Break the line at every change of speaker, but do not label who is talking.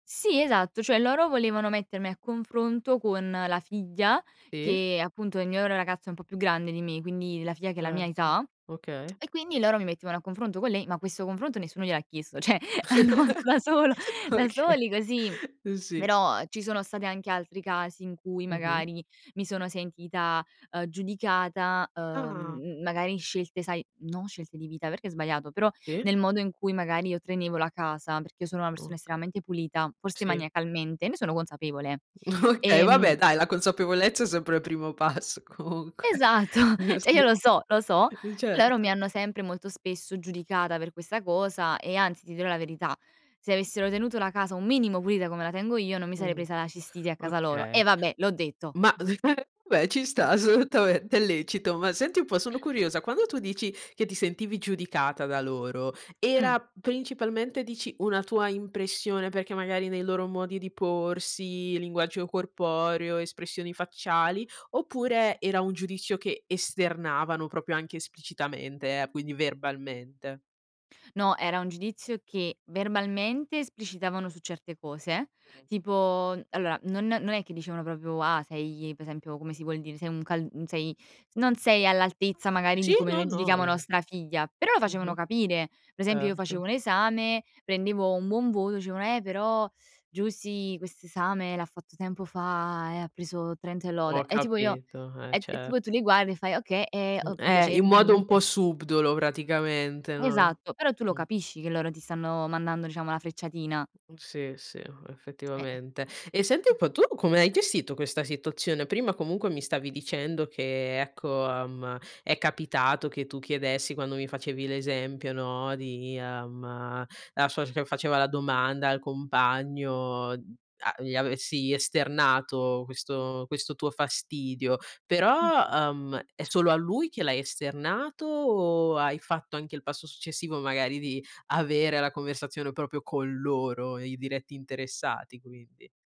Sì, esatto, cioè loro volevano mettermi a confronto con la figlia
Sì.
che appunto è il mio ragazzo è un po' più grande di me, quindi la figlia che ha la mia
Certo,
età
okay.
e quindi loro mi mettevano a confronto con lei, ma questo confronto nessuno gliel'ha chiesto, cioè hanno fatto da solo da soli, così.
Okay, sì.
Però, ci sono state anche altri casi in cui
Mh-mh.
magari mi sono sentita, uhm, giudicata,
Ah.
uhm, magari scelte sai, non scelte di vita perché è sbagliato, però
Sì.
nel modo in cui magari io tenevo la casa, perché io sono una persona
Ok
estremamente pulita, forse
Sì.
maniacalmente, ne sono consapevole.
Okay,
E,
va
mhmm
beh dai, la consapevolezza è sempre il primo passo, comunque.
Esatto,
Uh,
cioè io lo
sì,
so, lo so. Loro mi
certo.
hanno sempre molto spesso giudicata per questa cosa e anzi ti dirò la verità, se avessero tenuto la casa un minimo pulita come la tengo io, non mi sarei
Mh.
presa la cistite a casa loro
Okay.
e vabbè, l'ho detto.
Ma beh ci sta assolutamente, è lecito. Ma senti un po' sono curiosa, quando tu dici che ti sentivi giudicata da loro,
Mh.
era principalmente dici una tua impressione perché magari nei loro modi di porsi, linguaggio corporeo, espressioni facciali, oppure era un giudizio che esternavano, proprio anche esplicitamente, eh, quindi verbalmente?
No, era un giudizio che verbalmente esplicitavano su certe cose,
Mh-mh.
tipo allora non non è che dicevano proprio: "Ah, sei", per esempio come si vuol dire, "Sei un cal mhmm, sei s non sei all'altezza magari di
Sì,
come
no,
noi
no,
giudichiamo
in
nostra figlia", però lo facevano
Mh-mh.
capire. Per esempio io
Erto.
facevo un esame, prendevo un buon voto, dicevano: "Eh, però Giusy quest'esame l'ha fatto tempo fa e ha preso 30 e lode".
Ho
E tipo io,
capito, eh
e t e tipo tu li
certo.
guardi e fai: "Okay, è
Mh,
o
eh,
piace"
in modo un
[unintelligible]
po' subdolo praticamente, no,
Esatto, però tu lo
mh.
capisci che loro ti stanno mandando, diciamo, la frecciatina.
Mh sì, sì,
Eh.
effettivamente. E senti un po', tu come hai gestito questa situazione? Prima comunque mi stavi dicendo che, ecco, ehm, è capitato che tu chiedessi quando mi facevi l'esempio, no, di, ehm, la sua [unintelligible] faceva la domanda al compagno, a gli avessi esternato questo questo tuo fastidio,
Mh.
però, ehm, è solo a lui che l'hai esternato o hai fatto anche il passo successivo, magari di avere la conversazione proprio con loro, i diretti interessati quindi?